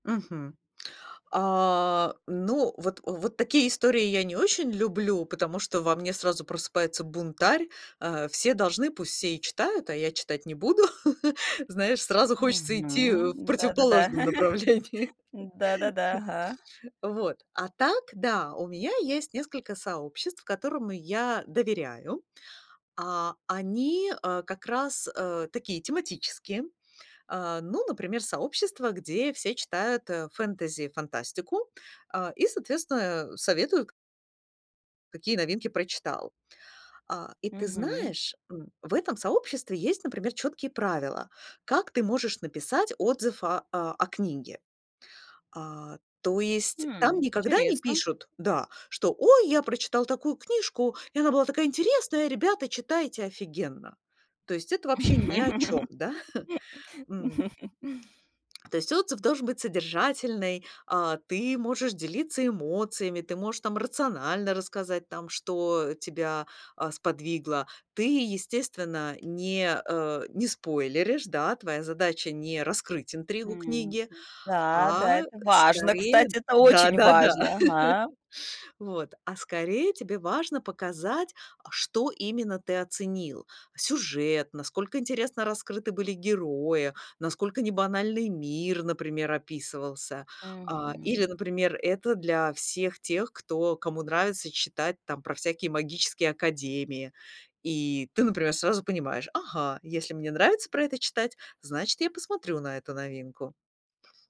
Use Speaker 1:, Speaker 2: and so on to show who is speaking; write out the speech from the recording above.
Speaker 1: Мгм. А, ну вот, вот такие истории я не очень люблю, потому что во мне сразу просыпается бунтарь: а, все должны, пусть все и читают, а я читать не буду. Знаешь, сразу хочется идти в
Speaker 2: Мгм. Да-да-да.
Speaker 1: противоположном направлении.
Speaker 2: Да-да-да. Ага.
Speaker 1: Вот, а так да, у меня есть несколько сообществ, которым я доверяю, а они, а, как раз, э, такие тематические. А, ну, например, сообщество, где все читают, э, фэнтези, фантастику, а, и соответственно, э, советуют какие новинки прочитал. А, и ты
Speaker 2: Мгм.
Speaker 1: знаешь, м, в этом сообществе есть, например, чёткие правила, как ты можешь написать отзыв о о книге. А, то есть там
Speaker 2: М,
Speaker 1: никогда не
Speaker 2: интересно.
Speaker 1: пишут, да, что: "Ой, я прочитал такую книжку, и она была такая интересная, ребята, читайте, офигенно". То есть это вообще ни о чём, да? М. То есть отзыв должен быть содержательный, а, ты можешь делиться эмоциями, ты можешь там рационально рассказать там, что тебя, а, сподвигло. Ты, естественно, не, э, не спойлеришь, да, твоя задача- не раскрыть интригу
Speaker 2: Мгм.
Speaker 1: книги,
Speaker 2: Да да,
Speaker 1: а
Speaker 2: это важно,
Speaker 1: скорее
Speaker 2: кстати. Это очень
Speaker 1: да-да-да,
Speaker 2: важно, ага.
Speaker 1: вот. А скорее тебе важно показать, а что именно ты оценил: сюжет, насколько интересно раскрыты были герои, насколько небанальный мир, например, описывался. А, или,
Speaker 2: Мгм.
Speaker 1: например, это для всех тех, кто кому нравится читать там про всякие магические академии, и ты, например, сразу понимаешь: "Ага, если мне нравится про это читать, значит я посмотрю на эту новинку".